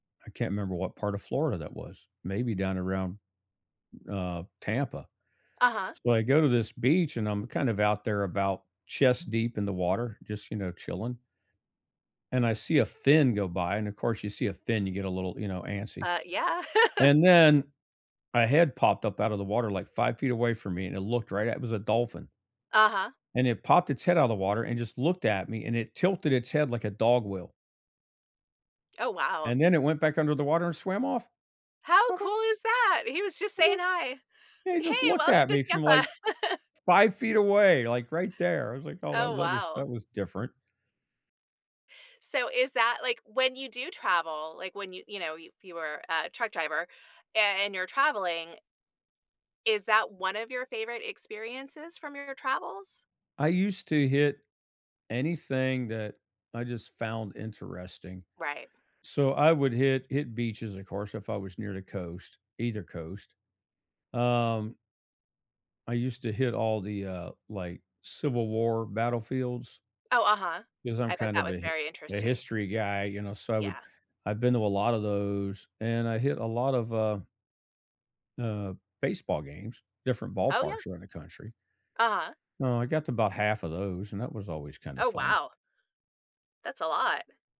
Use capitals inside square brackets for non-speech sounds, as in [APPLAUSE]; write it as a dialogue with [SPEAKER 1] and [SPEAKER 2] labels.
[SPEAKER 1] I can't remember what part of Florida that was. Maybe down around, uh, Tampa;
[SPEAKER 2] Uh-huh?
[SPEAKER 1] so, I go to this beach, and I'm kind of out there about chest deep in the water just, you know, chilling and I see a fin go by, and of course, you see a fin, you get a little, you know, antsy;
[SPEAKER 2] Uh, yeah. [LAUGHS]
[SPEAKER 1] and then, a head popped up out of the water, like 5 feet away from me, and it looked right at it was a dolphin,
[SPEAKER 2] Uh-huh.
[SPEAKER 1] and it popped its head out of the water and just looked at me, and it tilted its head like a dog will
[SPEAKER 2] Oh, wow.
[SPEAKER 1] and then it went back under the water and swam off.
[SPEAKER 2] How
[SPEAKER 1] I ju
[SPEAKER 2] cool is that? He was just
[SPEAKER 1] I
[SPEAKER 2] saying
[SPEAKER 1] just
[SPEAKER 2] "Hi!" and
[SPEAKER 1] Yeah, he just
[SPEAKER 2] "Hey,
[SPEAKER 1] looked
[SPEAKER 2] welcome
[SPEAKER 1] at
[SPEAKER 2] to
[SPEAKER 1] me from,
[SPEAKER 2] Tampa."
[SPEAKER 1] like,
[SPEAKER 2] [LAUGHS]
[SPEAKER 1] 5 feet away, like right there. I was like, "Oh, well,
[SPEAKER 2] Oh,
[SPEAKER 1] that was that
[SPEAKER 2] wow.
[SPEAKER 1] was different."
[SPEAKER 2] So, is that like when you do travel, like, when you, you know, you if you were a truck driver a and you're traveling is that one of your favorite experiences from your travels?
[SPEAKER 1] I used to hit anything that I just found interesting;
[SPEAKER 2] Right.
[SPEAKER 1] so, I would hit hit beaches, of course, if I was near the coast, either coast. Um I used to hit all the, uh, like, civil war battlefields
[SPEAKER 2] Oh, uh-huh.
[SPEAKER 1] 'cause I'm
[SPEAKER 2] I bet
[SPEAKER 1] kind
[SPEAKER 2] that
[SPEAKER 1] of
[SPEAKER 2] was
[SPEAKER 1] a hi
[SPEAKER 2] very
[SPEAKER 1] a
[SPEAKER 2] interesting.
[SPEAKER 1] history guy, you know, so I would
[SPEAKER 2] Yeah.
[SPEAKER 1] I've been to a lotta those, and I hit a lot of, uh uh, baseball games, different
[SPEAKER 2] Oh, yeah.
[SPEAKER 1] ballparks around the country.
[SPEAKER 2] Uh-huh.
[SPEAKER 1] Uh, I got to 'bout half of those, and that was always kinda
[SPEAKER 2] Oh,
[SPEAKER 1] fun.
[SPEAKER 2] wow. That's a lot.